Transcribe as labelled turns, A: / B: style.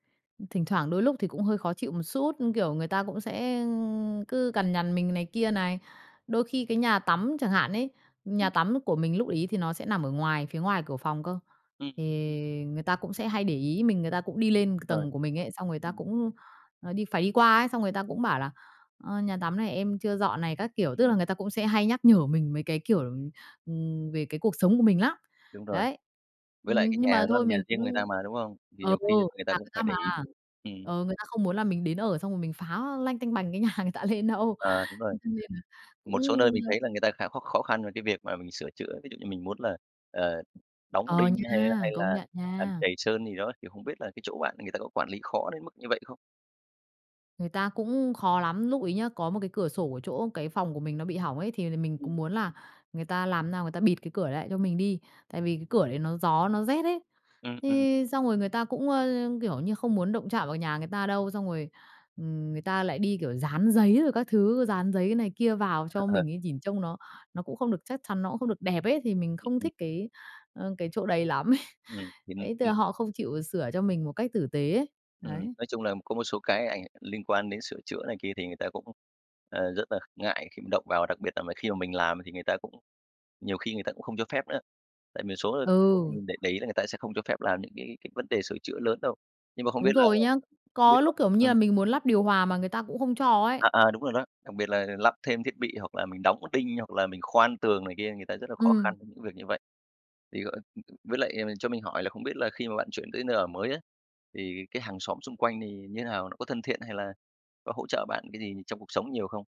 A: Thỉnh thoảng đôi lúc thì cũng hơi khó chịu một xút, kiểu, người ta cũng sẽ cứ cằn nhằn mình này kia này. Đôi khi cái nhà tắm chẳng hạn ấy, nhà
B: Ừm.
A: tắm của mình lúc ấy thì nó sẽ nằm ở ngoài phía ngoài cửa phòng cơ.
B: Ừm.
A: Thì người ta cũng sẽ hay để ý mình, người ta cũng đi lên
B: Rồi.
A: tầng của mình ấy, xong người ta
B: Ừm.
A: cũng, ờ, đi phải đi qua ấy, xong người ta cũng bảo là "ờ, nhà tắm này em chưa dọn này" các kiểu, tức
B: Ừm.
A: là người ta cũng sẽ hay nhắc nhở mình mấy cái, kiểu, ừm, về cái cuộc sống của mình lắm.
B: Đúng rồi.
A: Đấy,
B: Với lại cái
A: ừm, nhưng
B: nhà
A: mà
B: đó
A: thôi
B: là nhà
A: mình
B: riêng người ta
A: cũng
B: mà, đúng không? Thì
A: ừ,
B: nhiều khi là người ta
A: nhà
B: cũng
A: người ta
B: phải để
A: mà,
B: ý, ừm.
A: ừ, người ta không muốn là mình đến ở xong rồi mình phá lanh tanh bành cái nhà người ta lên đâu.
B: À, đúng rồi.
A: Cho nên là
B: Một số
A: cũng,
B: nơi mình
A: ơ
B: thấy là người ta khá khó khó khăn về cái việc mà mình sửa chữa, ví dụ như mình muốn là, ờ, đóng
A: Ờ,
B: đinh hay
A: nha,
B: hay
A: công
B: là
A: nhận
B: làm
A: nha.
B: trầy sơn gì đó, thì không biết là cái chỗ bạn người ta có quản lý khó đến mức như vậy không?
A: Người ta cũng khó lắm, lúc ấy nhá, có một cái cửa sổ ở chỗ cái phòng của mình nó bị hỏng ấy thì là mình cũng
B: Ừm.
A: muốn là người ta làm nào người ta bịt cái cửa lại cho mình đi. Tại vì cái cửa đấy nó gió, nó rét ấy.
B: Ừm, ừm.
A: Thế xong rồi người ta cũng, ơ, kiểu như không muốn động chạm vào nhà người ta đâu, xong rồi, ừm, người ta lại đi, kiểu, dán giấy rồi các thứ, dán giấy này kia vào cho
B: Ờ.
A: mình ấy, nhìn trông nó nó cũng không được chắc chắn, nó cũng không được đẹp ấy, thì mình
B: Ừm,
A: không
B: ừm.
A: thích cái, ơ, cái chỗ đấy lắm ấy.
B: Ừm, [unintelligible]
A: Đấy, tức
B: ừm.
A: là họ không chịu sửa cho mình một cách tử tế ấy,
B: Ừm,
A: đấy.
B: nói chung là có một số cái ảnh liên quan đến sửa chữa này kia thì người ta cũng, ờ, rất là ngại khi mình động vào, đặc biệt là mà khi mà mình làm thì người ta cũng nhiều khi người ta cũng không cho phép nữa. Tại vì số chỗ
A: Ừ.
B: mình để để ý là người ta sẽ không cho phép làm những cái cái vấn đề sửa chữa lớn đâu. Nhưng mà không biết
A: Đúng
B: là
A: rồi nhá. Có
B: [unintelligible]
A: lúc, kiểu, như
B: ừm.
A: là mình muốn lắp điều hòa mà người ta cũng không cho ấy.
B: À, à, đúng rồi đó, đặc biệt là lắp thêm thiết bị hoặc là mình đóng đinh hoặc là mình khoan tường này kia, người ta rất là khó
A: Ừm.
B: khăn với những việc như vậy. Thì gọi với lại cho mình hỏi là không biết là khi mà bạn chuyển tới nơi ở mới á, thì cái hàng xóm xung quanh thì như nào, họ có thân thiện hay là có hỗ trợ bạn cái gì trong cuộc sống nhiều không?